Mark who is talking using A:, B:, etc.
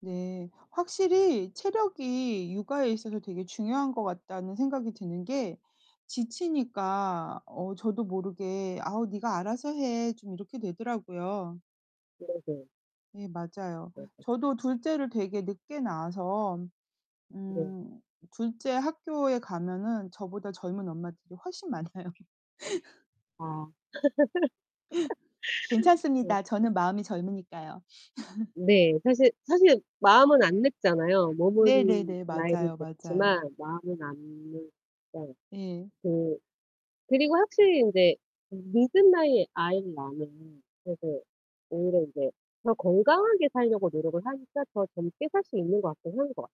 A: 네. 확실히 체력이 육아에 있어서 되게 중요한 것 같다는 생각이 드는 게 지치니까 어 저도 모르게 "아우 니가 알아서 해." 좀 이렇게 되더라고요.
B: 네네.
A: 예 맞아요.
B: 네.
A: 저도 둘째를 되게 늦게 낳아서
B: 네.
A: 음 둘째 학교에 가면은 저보다 젊은 엄마들이 훨씬 많아요.
B: 아. 네.
A: 괜찮습니다. 저는 마음이 젊으니까요.
B: 네 사실 사실 마음은 안 늙잖아요. 몸은
A: 네네네.
B: 나이를
A: 맞아요, 맞아요.
B: 먹지만 마음은 안 늙어요.
A: 예.
B: 그 그리고 확실히 인제 음 늦은 나이에 아이를 낳으면은 되게 오히려 이제 더 건강하게 살려고 노력을 하니까 더 젊게 살 수 있는 것 같긴 한 것 같